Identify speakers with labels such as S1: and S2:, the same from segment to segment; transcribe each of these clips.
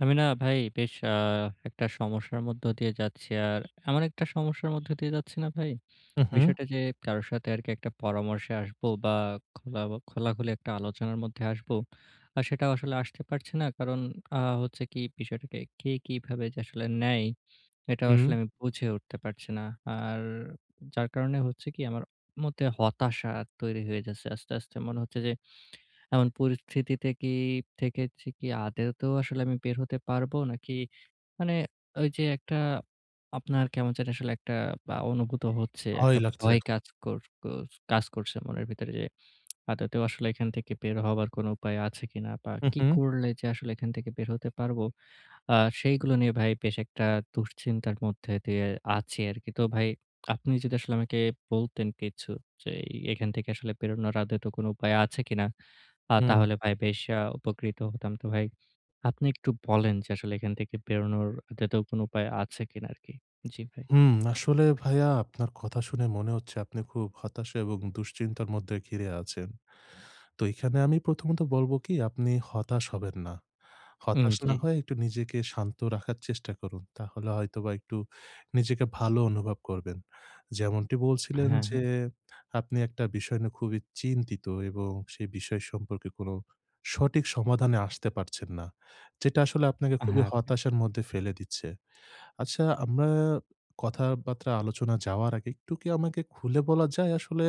S1: আমি না ভাই বেশ আ একটা সমস্যার মধ্য দিয়ে যাচ্ছি। আর আমার একটা সমস্যার মধ্যে দিয়ে যাচ্ছি না ভাই।
S2: হুম, হুম।
S1: বিষয়টা যে কারো সাথে আরকি একটা পরামর্শে আসবো বা, খোলা বা খোলাখুলি একটা আলোচনার মধ্যে আসবো, আ সেটাও আসলে আসতে পারছে না। কারণ আ হচ্ছে কি বিষয়টাকে কে কিভাবে যে আসলে নেয়, এটাও
S2: হুম।
S1: আসলে আমি বুঝে উঠতে পারছি না। আর যার কারণে হচ্ছে কি আমার মধ্যে হতাশা তৈরি হয়ে যাচ্ছে আস্তে, আস্তে। মনে হচ্ছে যে এমন পরিস্থিতিতে কি থেকেছি কি আদতেও আসলে আমি বের হতে পারবো? নাকি মানে ওইযে একটা আপনার কেমন জানি আসলে একটা বা অনুভূত হচ্ছে।
S2: ভয়
S1: একটা
S2: লাগছে।
S1: ভয় কাজ কর কর কাজ করছে মনের ভিতরে যে, আদতেও আসলে এখান থেকে বের হবার কোন উপায় আছে কিনা বা,
S2: হু,
S1: কি
S2: হু।
S1: করলে যে আসলে এখান থেকে বের হতে পারবো। আ সেইগুলো নিয়ে ভাই বেশ একটা দুশ্চিন্তার মধ্যে দিয়ে আছি আরকি। তো ভাই আপনি যদি আসলে আমাকে বলতেন কিছু যে, এ এখান থেকে আসলে বেরোনোর আদতেও কোন উপায় আছে কিনা। আ
S2: হুম।
S1: তাহলে ভাই বেশ আ উপকৃত হতাম। তো ভাই আপনি একটু বলেন যে আসলে এখান থেকে বেরোনোর আদতেও কোন উপায় আছে কিনা আরকি। জি ভাই।
S2: হুম, আসলে ভাইয়া, আপনার কথা শুনে মনে হচ্ছে আপনি খুব হতাশা এবং দুশ্চিন্তার মধ্যে ঘিরে আছেন। তো এখানে আমি প্রথমত বলবো কি, আপনি হতাশ হবেন না।
S1: উম,
S2: হতাশ না
S1: জি।
S2: হয়ে একটু নিজেকে শান্ত রাখার চেষ্টা করুন। তাহলে হয়তোবা একটু নিজেকে ভালো অনুভব করবেন। যেমনটি বলছিলেন
S1: হ্যাঁ,
S2: যে
S1: হ্যাঁ।
S2: আপনি একটা বিষয় নিয়ে খুবই চিন্তিত এবং সেই বিষয় সম্পর্কে কোন সঠিক সমাধানে আসতে পারছেন না, যেটা আসলে আপনাকে খুবই
S1: হ্যাঁ, ভাই।
S2: হতাশার মধ্যে ফেলে দিচ্ছে। আচ্ছা, আমরা কথাবার্তা আলোচনা যাওয়ার আগে একটু কি আমাকে খুলে বলা যায় আসলে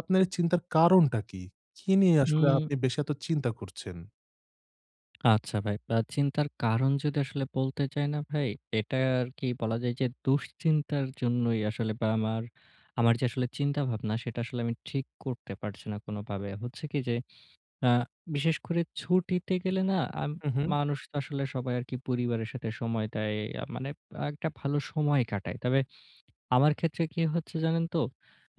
S2: আপনার এই চিন্তার কারণটা কি? কি নিয়ে আসলে
S1: হুম।
S2: আপনি বেশি এত চিন্তা করছেন?
S1: আচ্ছা ভাই, আ চিন্তার কারণ যদি আসলে বলতে যাই না ভাই, এটা আরকি বলা যায় যে দুশ্চিন্তার জন্যই আসলে বা আমার আমার যে আসলে চিন্তাভাবনা সেটা আসলে আমি ঠিক করতে পারছি না কোনোভাবে। হচ্ছে কি যে আ বিশেষ করে ছুটিতে গেলে না আম
S2: হুম, হুম।
S1: মানুষ তো আসলে সবাই একি পরিবারের সাথে সময় দেয়। আ মানে একটা ভালো সময় কাটায়। তবে আমার ক্ষেত্রে কি হচ্ছে জানেন তো?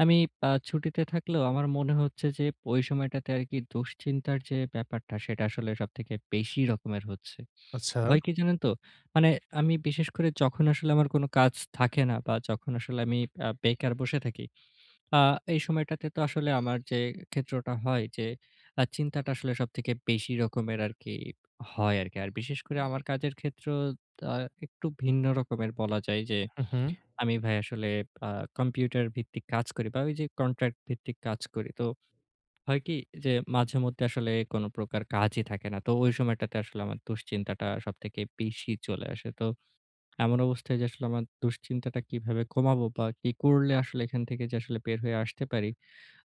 S1: আমি আ ছুটিতে থাকলেও আমার মনে হচ্ছে যে ওই সময়টাতে আরকি দুশ্চিন্তার যে ব্যাপারটা, সেটা আসলে সবথেকে বেশি রকমের হচ্ছে।
S2: আচ্ছা।
S1: হয় কি জানেন তো? মানে আমি বিশেষ করে যখন আসলে আমার কোন কাজ থাকে না। বা যখন আসলে আমি আ বেকার বসে থাকি, আ এই সময়টাতে তো আসলে আমার যে ক্ষেত্রটা হয় যে, আ চিন্তাটা আসলে সবথেকে বেশি রকমের আরকি হয় আরকি। আর বিশেষ করে আমার কাজের ক্ষেত্রেও আ একটু ভিন্ন রকমের বলা যায় যে
S2: হুম, হুম।
S1: আমি ভাই আসলে আ কম্পিউটার ভিত্তিক কাজ করি। বা ঐযে কন্ট্রাক্ট ভিত্তিক কাজ করি। তো হয় কি যে মাঝেমধ্যে আসলে কোন প্রকার কাজই থাকে না। তো ওই সময়টাতে আসলে আমার দুশ্চিন্তাটা সবথেকে বেশি চলে আসে। তো এমন অবস্থায় যে আমার দুশ্চিন্তাটা কিভাবে কমাবো বা কি করলে আসলে এখান থেকে যে বের হয়ে আসতে পারি।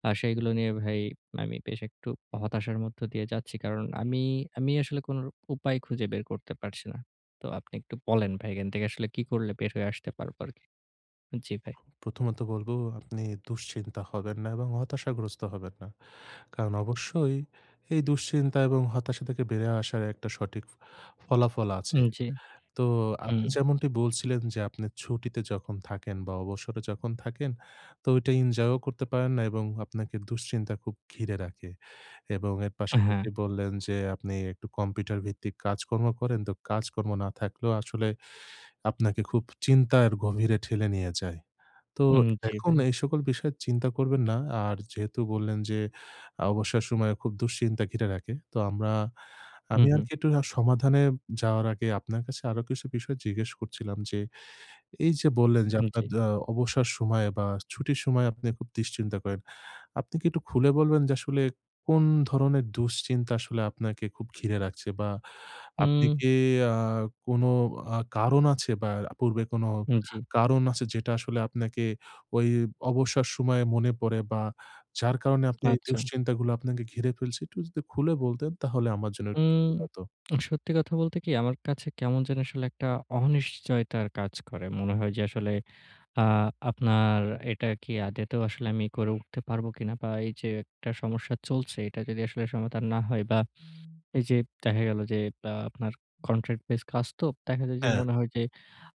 S1: আ সেইগুলো নিয়ে ভাই আমি বেশ একটু হতাশার মধ্যে দিয়ে যাচ্ছি। কারণ আমি আমি আসলে কোন উপায় খুঁজে বের করতে পারছি না। তো আপনি একটু বলেন ভাই এখান থেকে আসলে কী করলে বের হয়ে আসতে পারবো আরকি জি ভাই।
S2: প্রথমত বলবো আপনি দুশ্চিন্তা হবেন না এবং হতাশাগ্রস্ত হবেন না। কারণ অবশ্যই এই দুশ্চিন্তা এবং হতাশা থেকে বের হয়ে আসার একটা সঠিক ফলাফল
S1: উ
S2: আছে।
S1: জি।
S2: তো আপনি
S1: হুম।
S2: যেমনটি বলছিলেন যে আপনি ছুটিতে যখন থাকেন বা অবসরে যখন থাকেন তো ওইটা এনজয়ও করতে পারেন না এবং আপনাকে দুশ্চিন্তা খুব ঘিরে রাখে। এবং এর
S1: উ হুম।
S2: পাশাপাশি বললেন যে আপনি একটু কম্পিউটার ভিত্তিক কাজকর্ম করেন তো কাজকর্ম না থাকলেও আসলে আপনাকে খুব চিন্তার গভীরে ঠেলে নিয়ে যায়। তো
S1: হুম জি
S2: এখন
S1: ভাই।
S2: এই সকল বিষয়ে চিন্তা করবেন না। আর যেহেতু বললেন যে অবসর সময় খুব দুশ্চিন্তা ঘিরে রাখে। তো আমরা,
S1: হুম
S2: আমি
S1: হুম।
S2: আরকি একটু রা সমাধানে যাওয়ার আগে আপনার কাছে আরো কিছু বিষয় জিজ্ঞেস করছিলাম। যে, এইযে বললেন যে আপনার
S1: নিচেই।
S2: জা অবসর সময়ে বা ছুটির সময় আপনি খুব দুশ্চিন্তা করেন। আপনি কি একটু খুলে বলবেন যে আসলে কোন ধরনের দুশ্চিন্তা আসলে আপনাকে খুব ঘিরে রাখছে। বা আপনি
S1: হুম।
S2: কি আ কোনো আ কারণ আছে বা পূর্বে কোনো
S1: হুম জি।
S2: কারণ আছে যেটা আসলে আপনাকে ওই অবসর সময়ে মনে পড়ে। বা যার কারণে আপনি
S1: আচ্ছা।
S2: দুশ্চিন্তাগুলো আপনাকে ঘিরে ফেলছে। একটু যদি খুলে বলতেন তাহলে আমার জন্য একটু
S1: হুম।
S2: সুবিধা হতো।
S1: সত্যি কথা বলতে কি আমার কাছে কেমন জানি আসলে একটা অনিশ্চয়তার কাজ করে। মনে হয় যে আসলে আ আপনার এটা কি আদতেও আসলে আমি করে উঠতে পারবো কিনা। বা এইযে একটা সমস্যা চলছে এটা যদি আসলে সমাধান না হয় বা এইযে দেখা গেল যে বা আপনার কন্ট্রাক্ট বেসড কাজ তো দেখা যায় যে,
S2: হ্যাঁ।
S1: মনে হয় যে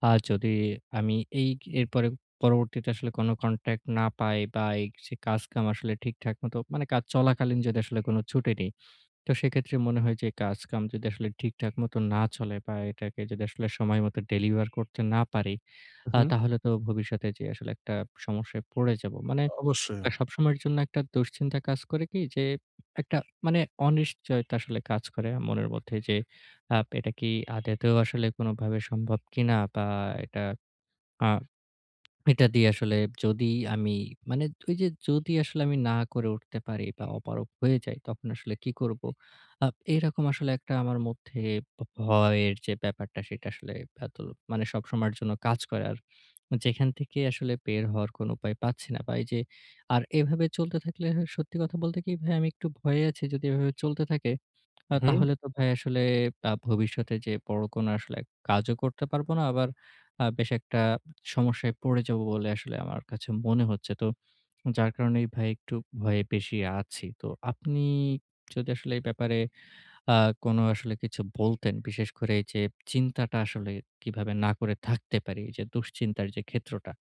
S1: আ যদি আমি এই কি পরে পরবর্তীতে আসলে কোন কন্ট্রাক্ট না পাই বা সে কাজকাম আসলে ঠিকঠাক মতো চলাকালীন যদি আসলে ছুটি নেই, তো সেক্ষেত্রে মনে হয় যে কাজকাম যদি আসলে ঠিকঠাক মতো না চলে। বা এটাকে যদি আসলে সময় মতো আ ডেলিভার করতে না পারি,
S2: হুম।
S1: তাহলে তো ভবিষ্যতে যে আসলে একটা সমস্যায় পড়ে যাবো। মানে
S2: অবশ্যই।
S1: আ সবসময়ের জন্য একটা দুশ্চিন্তা কাজ করে কি যে একটা মানে অনিশ্চয়তা আসলে কাজ করে মনের মধ্যে। যে, আ এটা কি আদতেও আসলে কোনভাবে সম্ভব কিনা বা এটা আহ এটা দিয়ে আসলে যদি আমি মানে ওইযে যদি আসলে আমি না করে উঠতে পারি। বা অপারগ হয়ে যায় তখন আসলে কী করবো? আ এরকম আসলে একটা আমার মধ্যে ব ভয়ের যে, ব্যাপারটা সেটা আসলে ভেতরে মানে সবসময়ের জন্য কাজ করে আর যেখান থেকে আসলে, বের হওয়ার কোন উপায় পাচ্ছি না। বা এইযে আর এইভাবে চলতে থাকলে সত্যি কথা বলতে কি ভাই আমি একটু ভয়ে আছি। যদি এভাবে চলতে থাকে
S2: হুম।
S1: তাহলে তো ভাই আসলে আ ভবিষ্যতে যে বড়ো আসলে এক কাজও করতে পারবো না। আবার আ বেশ একটা সমস্যায় পড়ে যাবো বলে আসলে আমার কাছে মনে হচ্ছে। তো যার কারণে ভাই একটু ভয়ে বেশী আছি। তো আপনি যদি আসলে এই ব্যাপারে আ কোনো আসলে কিছু বলতেন, বিশেষ করে যে চিন্তাটা আসলে কিভাবে না করে থাকতে পারি। যে দুশ্চিন্তার যে ক্ষেত্রটা।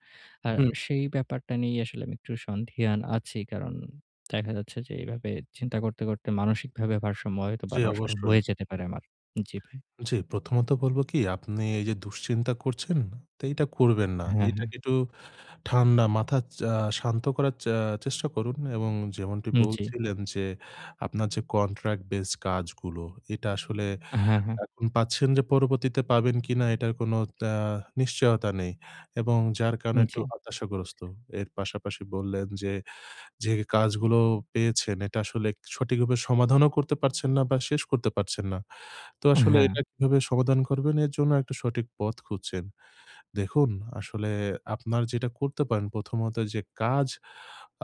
S1: আর
S2: হুম।
S1: সেই ব্যাপারটা নিয়ে আসলে আমি একটু সন্দিহান আছি। কারণ দেখা যাচ্ছে যে এইভাবে চিন্তা করতে, করতে মানসিকভাবে ভারসাম্য হয় বা
S2: জি
S1: নষ্ট
S2: অবশ্যই।
S1: হয়ে যেতে পারে আমার জি ভাই।
S2: জি, প্রথমত বলবো কি আপনি এইযে দুশ্চিন্তা করছেন তো এটা করবেন না।
S1: হ্যাঁ, হ্যাঁ।
S2: এটাকে একটু ঠান্ডা মাথা চা শান্ত করার চা চেষ্টা করুন এবং যেমনটি
S1: হুম, জি।
S2: বলছিলেন যে আপনার যে কন্ট্রাক্ট বেস কাজগুলো এটা আসলে
S1: হ্যাঁ, হ্যাঁ।
S2: এখন পাচ্ছেন। যে পরবর্তীতে পাবেন কিনা এটার কোন আ নিশ্চয়তা নেই। এবং যার কারণে
S1: হুম,
S2: একটু
S1: জি।
S2: হতাশাগ্রস্ত। এর পাশাপাশি বললেন যে যে কাজগুলো পেয়েছেন এটা আসলে সঠিকভাবে সমাধানও করতে পারছেন না। বা শেষ করতে পারছেন না। তো আসলে
S1: হ্যাঁ।
S2: এটা কিভাবে সমাধান করবেন এর জন্য একটা সঠিক পথ খুঁজছেন। দেখুন আসলে আপনার যেটা করতে পারেন, প্রথমত যে কাজ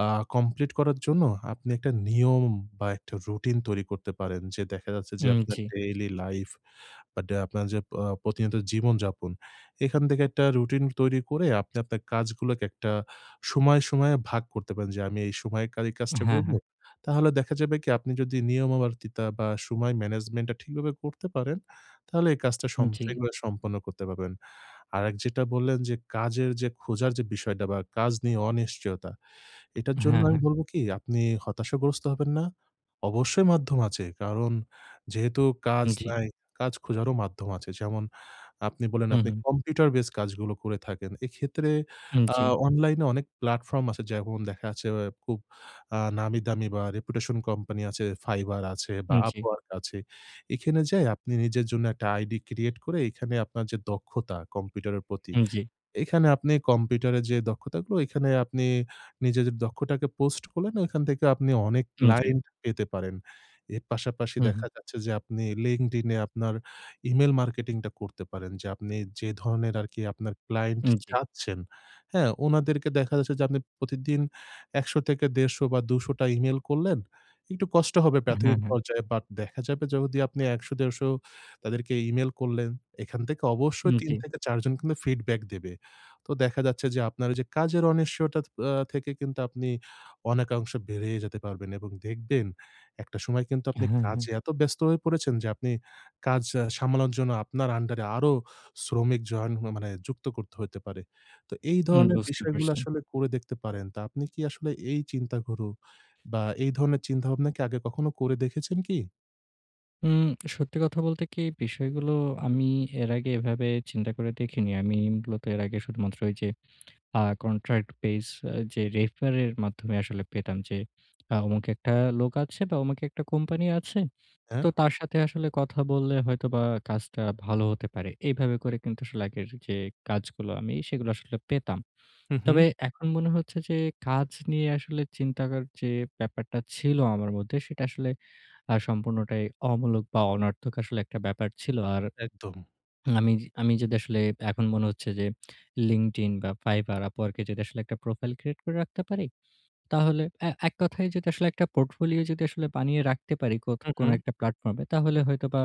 S2: আ কমপ্লিট করার জন্য আপনি একটা নিয়ম বা একটা রুটিন তৈরি করতে পারেন। যে দেখা যাচ্ছে যে
S1: হুম,
S2: আপনার
S1: জি।
S2: ডেইলি লাইফ বা যে আপনার যে অ প্রতিনিয়ত জীবন যাপন এখান থেকে একটা রুটিন তৈরি করে আপনি, আপনার কাজগুলোকে একটা সময়, সময়ে ভাগ করতে পারেন। যে আমি এই সময়ে এই কাজটা
S1: হ্যাঁ, হ্যাঁ।
S2: করবো। তাহলে দেখা যাবে কি আপনি যদি নিয়মাবর্তিতা বা সময় ম্যানেজমেন্ট টা ঠিকভাবে করতে পারেন, তাহলে এই কাজটা সম
S1: জি।
S2: আগুলা সম্পন্ন করতে পারবেন। আরেক যেটা বললেন যে কাজের খোঁজার যে বিষয়টা বা কাজ নিয়ে অনিশ্চয়তা। এটার জন্য
S1: হ্যাঁ,
S2: আমি
S1: হ্যাঁ।
S2: বলবো কি? আপনি হতাশাগ্রস্ত হবেন না। অবশ্যই মাধ্যম আছে। কারণ যেহেতু কাজ
S1: জি।
S2: নাই, কাজ খোঁজারও মাধ্যম আছে। যেমন আপনি বললেন
S1: হুম,
S2: আপনি
S1: হুম।
S2: কম্পিউটার বেস কাজগুলো করে থাকেন। এক্ষেত্রে
S1: হুম,
S2: আ
S1: জি।
S2: অনলাইনে অনেক প্লাটফর্ম আছে। যেমন দেখাচ্ছে খুব আ নামি দামি বা রেপুটেশন কোম্পানি আছে, Fiverr আছে বা
S1: হুম, জি।
S2: Upwork আছে। এখানে যাই আপনি নিজের জন্য একটা আইডি ক্রিয়েট করে এখানে আপনার যে দক্ষতা কম্পিউটারের প্রতি।
S1: হুম, জি।
S2: এখানে আপনি কম্পিউটারে যে দক্ষতা গুলো এইখানে আপনি নিজেদের দক্ষতাকে পোস্ট করলেন, ওখান থেকে আপনি অনেক
S1: হুম, জি।
S2: ক্লায়েন্ট পেতে পারেন। এর পাশাপাশি দেখা
S1: হুম।
S2: যাচ্ছে যে আপনি LinkedIn এ আপনার e-mail মার্কেটিং টা করতে পারেন যে আপনি যে ধরনের আরকি আপনার ক্লায়েন্ট
S1: হুম, জি।
S2: চাচ্ছেন, হ্যাঁ ওনাদেরকে দেখা যাচ্ছে যে, আপনি প্রতিদিন ১০০ থেকে ১৫০ বা ২০০ টা e-mail করলেন। একটু কষ্ট হবে
S1: হ্যাঁ,
S2: প্রাথমিক
S1: হ্যাঁ।
S2: পর্যায়ে। বাট দেখা যাবে যদি আপনি ১০০-১৫০ তাদেরকে e-mail করলেন, এখান থেকে অবশ্যই
S1: হুম,
S2: ৩
S1: জি।
S2: থেকে ৪ জন কিন্তু ফিডব্যাক দেবে। তো দেখা যাচ্ছে যে আপনার ওই যে কাজের অনিশ্চয়তা আ থেকে কিন্তু আপনি অনেকাংশ বেড়িয়ে যেতে পারবেন এবং দেখবেন একটা সময় কিন্তু আপনি
S1: হ্যাঁ, হ্যাঁ, হ্যাঁ।
S2: কাজে এত ব্যস্ত হয়ে পড়েছেন। যে আপনি কাজ সামলানোর জন্য আপনার আন্ডার এ আরো শ্রমিক জয়েন হ মানে যুক্ত করতে হইতে পারে। তো এই
S1: হুম,
S2: ধরনের
S1: বুঝতে
S2: বিষয়গুলো
S1: পারছেন।
S2: আসলে করে দেখতে পারেন। তো আপনি কি আসলে এই চিন্তা গুলো বা এই ধরনের চিন্তাভাবনা কি আগে কখনো করে দেখেছেন কি?
S1: উম সত্যি কথা বলতে কি, বিষয়গুলো আমি এর আগে এভাবে চিন্তা করে দেখিনি। আমি মূলত এর আগে শুধুমাত্র ঐযে আ contract base যে refer এর মাধ্যমে আসলে পেতাম যে, আ অমুকে একটা লোক আছে বা, ওমুক একটা কোম্পানি আছে।
S2: হ্যাঁ?
S1: তো তার সাথে আসলে কথা বললে হয়তোবা কাজটা ভালো হতে পারে। এভাবে করে কিন্তু আসলে আগের যে কাজগুলো, আমি সেগুলো আসলে পেতাম।
S2: হু,
S1: তবে
S2: হু।
S1: এখন মনে হচ্ছে যে, কাজ নিয়ে আসলে চিন্তার যে ব্যাপারটা ছিল আমার মধ্যে, সেটা আসলে আ সম্পূর্ণটাই অমূলক বা, অনর্থক আসলে একটা ব্যাপার ছিল। আর
S2: একদম।
S1: আমি আমি যদি আসলে এখন মনে হচ্ছে যে, Linkedin বা, Fiverr, Upwork এ যদি আসলে একটা profile create করে রাখতে পারি। তাহলে এ এক কথায় যদি আসলে একটা portfolio যদি বানিয়ে রাখতে পারি কোত
S2: হু,
S1: কোন
S2: হু।
S1: একটা platform এ। তাহলে হয়তোবা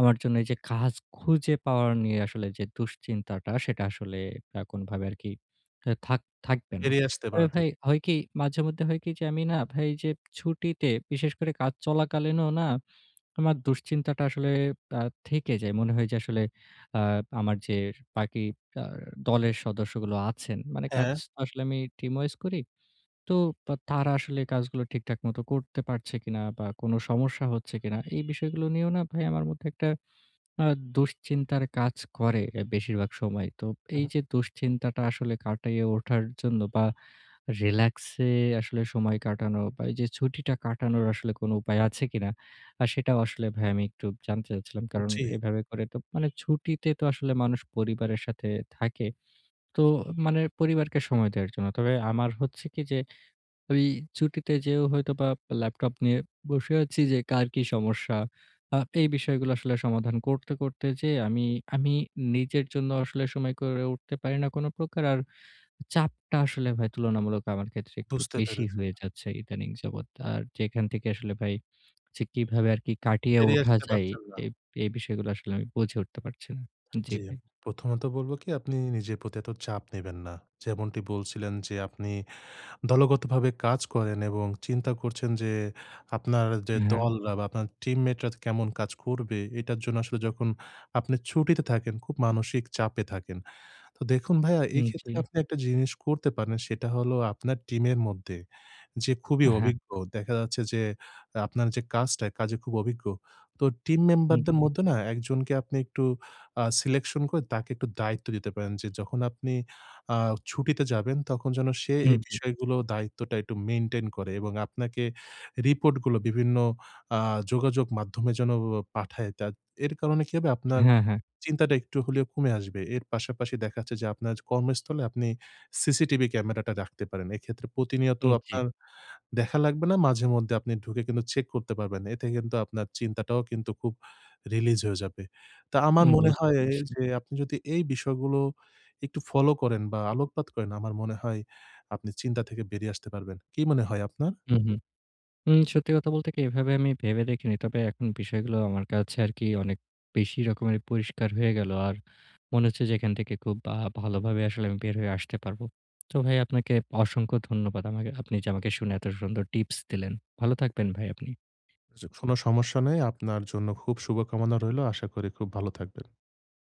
S1: আমার জন্য এইযে কাজ খুঁজে পাওয়া নিয়ে আসলে যে দুশ্চিন্তাটা, সেটা আসলে আ কোনভাবে আরকি থাক থাকবে না।
S2: বেরিয়ে আসতে
S1: আর
S2: পারবে।
S1: ভাই হয় কি মাঝে মধ্যে হয় কি? যে আমি না ভাই যে ছুটিতে, বিশেষ করে কাজ চলাকালীনও না আমার দুশ্চিন্তাটা আসলে আ থেকে যায়। মনে হয় যে আসলে আ আমার যে বাকি কার দলের সদস্যগুলো আছেন, মানে কাজ
S2: হ্যাঁ।
S1: আসলে আমি team wise করি। তো তারা আসলে কাজগুলো ঠিকঠাক মত করতে পারছে কিনা বা, কোন সমস্যা হচ্ছে কিনা, এই বিষয়গুলো নিয়েও না ভাই আমার মধ্যে একটা আ দুশ্চিন্তার কাজ করে এ বেশিরভাগ সময়। তো
S2: উহু।
S1: এইযে দুশ্চিন্তাটা আসলে কাটাইয়ে ওঠার জন্য বা, relax এ আসলে সময় কাটানো বা, এইযে ছুটিটা কাটানোর আসলে কোন উপায় আছে কিনা? আর সেটাও আসলে ভাই আমি একটু জানতে চাচ্ছিলাম। কারণ,
S2: জি।
S1: এভাবে করে তো মানে ছুটিতে তো আসলে মানুষ পরিবারের সাথে থাকে। তো মানে পরিবারকে সময় দেওয়ার জন্য। তবে আমার হচ্ছে কি যে, ঐ ছুটিতে যেয়েও হয়তোবা ল্যাপটপ নিয়ে বসে আছি যে কার কি সমস্যা? আ এই বিষয়গুলো আসলে সমাধান করতে করতে যেয়ে আমি, আমি নিজের জন্য আসলে সময় করে উঠতে পারি না কোন প্রকার। আর চাপটা আসলে ভাই তুলনামূলক আমার ক্ষেত্রে একটু
S2: বুঝতে
S1: বেশিই
S2: পেরেছি।
S1: হয়ে যাচ্ছে ইদানিং যাবৎ। আর যেখান থেকে আসলে ভাই যে কিভাবে আর কি কাটিয়ে
S2: বেরিয়ে
S1: ওঠা
S2: আসতে
S1: যায়?
S2: পারছেন নাহ।
S1: এই, এই বিষয়গুলো আসলে আমি বুঝে উঠতে পারছি না। জি
S2: জি। আম
S1: ভাই।
S2: প্রথমত বলবো কি, আপনি নিজের প্রতি এত চাপ নিবেন না। যেমনটি বলছিলেন যে আপনি দলগতভাবে কাজ করেন। এবং চিন্তা করছেন যে আপনার যে
S1: হ্যাঁ।
S2: দল বা, আপনার team mate রা কেমন কাজ করবে, এটার জন্য আসলে যখন আপনি ছুটিতে থাকেন, খুব মানসিক চাপে থাকেন। তো দেখুন ভাইয়া,
S1: উম
S2: এক্ষেত্রে
S1: জি।
S2: আপনি একটা জিনিস করতে পারেন, সেটা হলো আপনার টিমের মধ্যে যে খুবই
S1: ও হ্যাঁ।
S2: অভিজ্ঞ। দেখা যাচ্ছে যে, আপনার যে কাজটা এ কাজে খুব অভিজ্ঞ। তো টিম
S1: হুম,
S2: মেম্বারদের
S1: জি।
S2: মধ্যে না ১ কে আপনি একটু আ selection করে তাকে একটু দায়িত্ব দিতে পারেন। যে যখন আপনি আ ছুটিতে যাবেন তখন যেন সে
S1: হুম,
S2: এই
S1: জি।
S2: বিষয়গুলো দায়িত্বটা একটু maintain করে। এবং আপনাকে রিপোর্টগুলো বিভিন্ন আ যোগাযোগ মাধ্যমে যেন ও পাঠায় দেয়। তা এর কারণে কি হবে? আপনার
S1: হ্যাঁ, হ্যাঁ।
S2: চিন্তাটা একটু হলেও কমে আসবে। এর পাশাপাশি দেখা যাচ্ছে যে আপনার কর্মস্থলে আপনি সিসিটিভি ক্যামেরাটা রাখতে পারেন। এক্ষেত্রে প্রতিনিয়ত
S1: উম জি।
S2: আপনার দেখা লাগবে না। মাঝে মধ্যে আপনি ঢুকে কিন্তু চেক করতে পারবেন। এতে কিন্তু আপনার চিন্তাটাও কিন্তু খুব release হয়ে যাবে। তা আমার
S1: উম
S2: মনে
S1: বুঝতে
S2: হয়
S1: পেরেছি।
S2: যে আপনি যদি এই বিষয়গুলো একটু follow করেন বা, আলোকপাত করেন। আমার মনে হয় আপনি চিন্তা থেকে বেরিয়ে আসতে পারবেন। কি মনে হয় আপনার?
S1: হু, হু। উম সত্যি কথা বলতে কি এভাবে আমি ভেবে দেখিনি। তবে এখন বিষয়গুলো আমার কাছে আরকি অনেক বেশি রকমের পরিষ্কার হয়ে গেল। আর মনে হচ্ছে যে এখান থেকে খুব ভা ভালোভাবে আসলে আমি বের হয়ে আসতে পারবো। তো ভাই আপনাকে অসংখ্য ধন্যবাদ। আমাকে আপনি যে আমাকে শুনে এত সুন্দর টিপস দিলেন। ভালো থাকবেন ভাই আপনি।
S2: জি। কোন সমস্যা নাই। আপনার জন্য খুব শুভকামনা রইলো। আশা করি খুব ভালো থাকবেন।